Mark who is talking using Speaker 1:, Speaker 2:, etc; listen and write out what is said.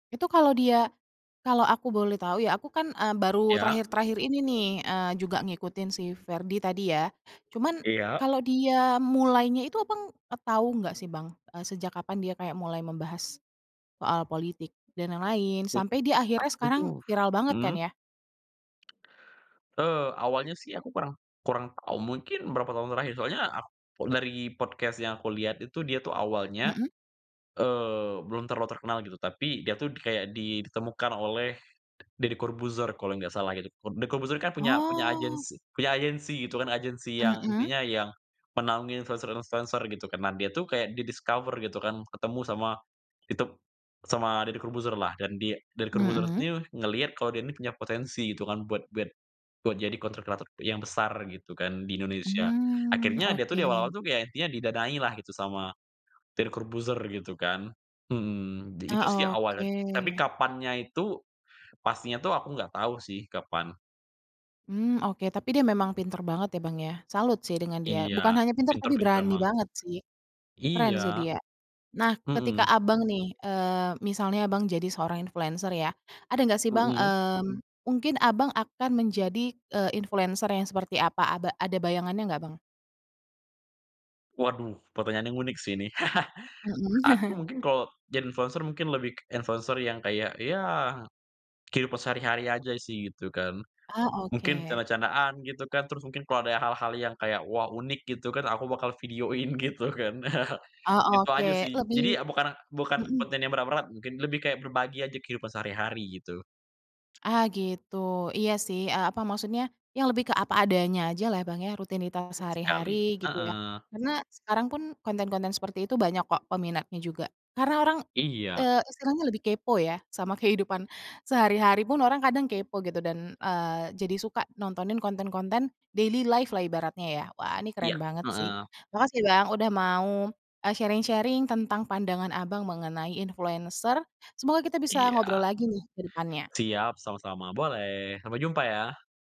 Speaker 1: Itu kalau dia kalau aku boleh tahu ya, aku kan, e baru
Speaker 2: Iya.
Speaker 1: terakhir-terakhir ini nih, eee, juga ngikutin si Ferdy tadi ya. Cuman,
Speaker 2: Iya.
Speaker 1: kalau dia mulainya itu, Abang, e tahu enggak sih Bang? E sejak kapan dia kayak mulai membahas, soal politik dan lain-lain
Speaker 2: E
Speaker 1: sampai dia akhirnya
Speaker 2: aku
Speaker 1: sekarang
Speaker 2: tuh
Speaker 1: viral banget
Speaker 2: mhm?
Speaker 1: kan, ya?
Speaker 2: E awalnya sih aku kurang kurang tahu, mungkin berapa tahun terakhir. Soalnya, ak dari podcast yang aku lihat itu dia tuh awalnya,
Speaker 1: Mhm?
Speaker 2: eee, belum terlalu terkenal gitu, tapi dia itu kayak di ditemukan oleh Deddy Corbuzier kalau nggak salah gitu, Deddy Corbuzier kan punya punya
Speaker 1: Oh.
Speaker 2: agensi punya agensi gitu kan, agensi yang
Speaker 1: Mhm?
Speaker 2: intinya yang menaungi influencer-influencer gitu kan. Nah, dia itu kayak di discover gitu kan, ketemu sama ditep sama Deddy Corbuzier lah, dan di Deddy Corbuzier
Speaker 1: Mhm?
Speaker 2: ini ngelihat kalau dia ini punya potensi gitu kan, buat buat buat jadi content creator yang besar gitu kan, di Indonesia.
Speaker 1: Mmm,
Speaker 2: Akhirnya, dia tuh di awal-awal
Speaker 1: oke.
Speaker 2: intinya tuh kayak dia didanailah gitu, sama Deddy Corbuzierr gitu kan mhm, di itu sih
Speaker 1: Ah,
Speaker 2: awalnya, tapi
Speaker 1: oke.
Speaker 2: kapannya itu, pastinya tuh aku nggak tahu sih, kapan.
Speaker 1: Mmm, oke. Tapi dia memang pintar banget ya, Bang, ya, salut sih dengan dia, bukan
Speaker 2: Iya,
Speaker 1: hanya pintar
Speaker 2: pinter
Speaker 1: tapi
Speaker 2: pinter
Speaker 1: berani
Speaker 2: emang.
Speaker 1: banget sih. Keren sih
Speaker 2: Iya.
Speaker 1: dia. Nah, ketika
Speaker 2: Mhm.
Speaker 1: Abang nih, eee, misalnya Abang jadi seorang influencer ya. Ada nggak sih Bang,
Speaker 2: Mhm?
Speaker 1: mmm, mungkin Abang akan menjadi, e influencer yang seperti apa? Aba ada bayangannya nggak Bang?
Speaker 2: Waduh, pertanyaan yang unik sih ini.
Speaker 1: Mhm.
Speaker 2: Aku mungkin kalau jadi influencer mungkin lebih kek influencer yang kayak, ya kehidupan sehari-hari aja sih, gitu kan.
Speaker 1: Oh,
Speaker 2: Mungkin
Speaker 1: oke.
Speaker 2: canda-candaan gitu kan, terus mungkin kalau ada hal-hal yang kayak, wah unik gitu kan, aku bakal videoin gitu kan.
Speaker 1: Oh
Speaker 2: Itu aja
Speaker 1: oke,
Speaker 2: sih,
Speaker 1: lebih
Speaker 2: jadi bukan bukan
Speaker 1: mhm.
Speaker 2: konten yang berat-berat mungkin, lebih kayak berbagi aja kehidupan sehari-hari gitu.
Speaker 1: Ah gitu, iya sih, e apa, maksudnya yang lebih ke apa adanya aja lah Bang ya, rutinitas
Speaker 2: Tepat
Speaker 1: sehari-hari,
Speaker 2: sekali
Speaker 1: gitu ya.
Speaker 2: heeh.
Speaker 1: Karena, sekarang pun konten-konten seperti itu banyak kok peminatnya juga, karena orang, e
Speaker 2: Iya.
Speaker 1: sekarang tuh lebih kepo ya sama kehidupan sehari-hari pun orang kadang kepo gitu, dan, eee, jadi suka nontonin konten-konten daily life lah ibaratnya ya, wah ini keren
Speaker 2: Iya
Speaker 1: banget sih.
Speaker 2: heeh.
Speaker 1: Makasih Bang udah mau, e sharing-sharing tentang pandangan Abang mengenai influencer, semoga kita bisa ngobrol
Speaker 2: Iya.
Speaker 1: lagi nih, kedepannya.
Speaker 2: Siap, sama-sama boleh, sampai jumpa ya.